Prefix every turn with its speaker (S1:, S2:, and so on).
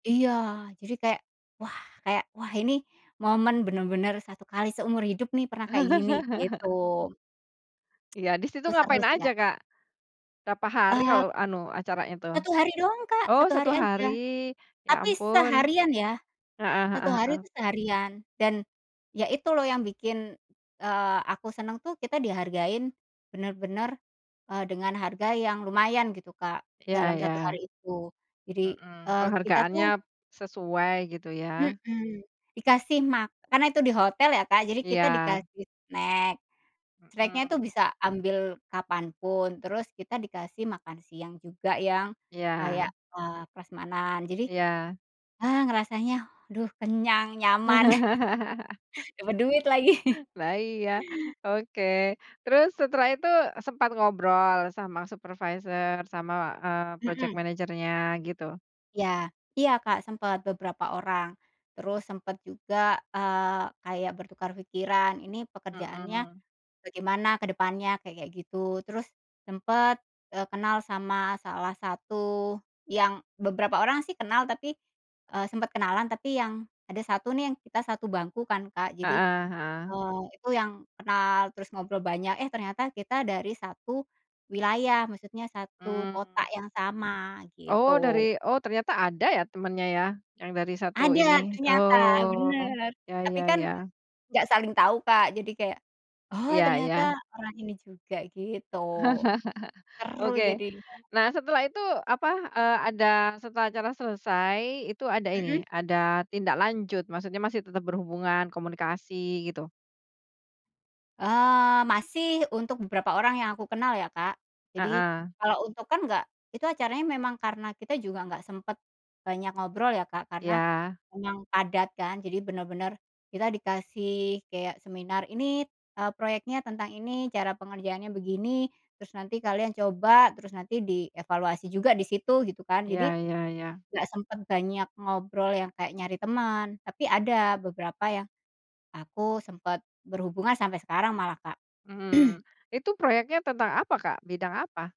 S1: Iya, jadi kayak, wah kayak, wah ini momen bener-bener 1 kali seumur hidup nih pernah kayak gini, gitu.
S2: Iya, disitu
S1: Itu seru
S2: ngapain
S1: sih,
S2: aja,
S1: Kak.
S2: Kak? Berapa hari
S1: Eee
S2: kalau anu acaranya tuh?
S1: 1 hari dong Kak,
S2: Oh,
S1: 1
S2: 1
S1: hari
S2: hari,
S1: aja,
S2: ya
S1: tapi
S2: ampun.
S1: seharian ya,
S2: Heeh heeh
S1: 1 hari itu
S2: heeh.
S1: seharian dan ya itu loh yang bikin, eee, aku seneng tuh, kita dihargain bener-bener, eee, dengan harga yang lumayan gitu Kak,
S2: Iya
S1: dalam
S2: iya.
S1: 1 hari itu jadi,
S2: Mhm,
S1: eee, kita
S2: penghargaannya
S1: tuh
S2: sesuai, gitu ya.
S1: mhm, dikasih ma karena itu di hotel ya Kak, jadi kita
S2: Iya.
S1: dikasih snack, snack-nya itu
S2: Mhm.
S1: bisa ambil kapanpun, terus kita dikasih makan siang juga yang
S2: Iya.
S1: kayak, eee, prasmanan, jadi,
S2: Iya.
S1: eee, rasanya aduh kenyang, nyaman, dapet duit lagi.
S2: Wah, iya, oke. Terus setelah itu sempat ngobrol sama supervisor sama, eee, project
S1: Mhm.
S2: manager-nya gitu?
S1: Iya, iya, Kak, sempat beberapa orang, terus sempet juga, eee, kayak bertukar pikiran, ini pekerjaannya
S2: Mhm.
S1: bagaimana ke depannya, kayak-kayak gitu, terus sempet, eee, kenal sama salah satu yang beberapa orang sih kenal tapi, eee, sempet kenalan, tapi yang ada 1 nih, yang kita 1 bangku kan Kak jadi,
S2: Heeh, heeh.
S1: eee, itu yang kenal terus ngobrol banyak, eh ternyata kita dari 1 wilayah, maksudnya 1 kota
S2: Mmm.
S1: yang sama,
S2: Oh, dari
S1: gitu.
S2: oh ,ternyata ada ya temennya ya, yang dari 1
S1: Ada
S2: ini?
S1: ternyata
S2: Oh,
S1: bener,
S2: ya
S1: tapi
S2: ya
S1: kan
S2: ya.
S1: nggak saling tahu, Kak. Jadi kayak, oh,
S2: Iya
S1: ternyata
S2: iya.
S1: orang ini juga, gitu. Seru
S2: Oke,
S1: jadinya.
S2: nah, setelah itu, apa, eee, ada setelah acara selesai itu ada
S1: Mhm.
S2: ini, ada tindak lanjut, maksudnya masih tetap berhubungan, komunikasi, gitu?
S1: Eee, masih untuk beberapa orang yang aku kenal ya, Kak, jadi
S2: Heeh.
S1: kalau untuk kan nggak itu acaranya memang karena kita juga nggak sempet banyak ngobrol ya, Kak, karena
S2: Iya.
S1: emang padat kan, jadi bener-bener kita dikasih kayak seminar ini, eee, proyeknya tentang ini, cara pengerjaannya begini, terus nanti kalian coba, terus nanti dievaluasi juga di situ gitu kan
S2: Iya
S1: jadi,
S2: iya iya.
S1: nggak sempet banyak ngobrol yang kayak nyari teman, tapi ada beberapa yang aku sempet berhubungan sampai sekarang malah, Kak.
S2: Mhm, itu proyeknya tentang apa, Kak? Bidang apa?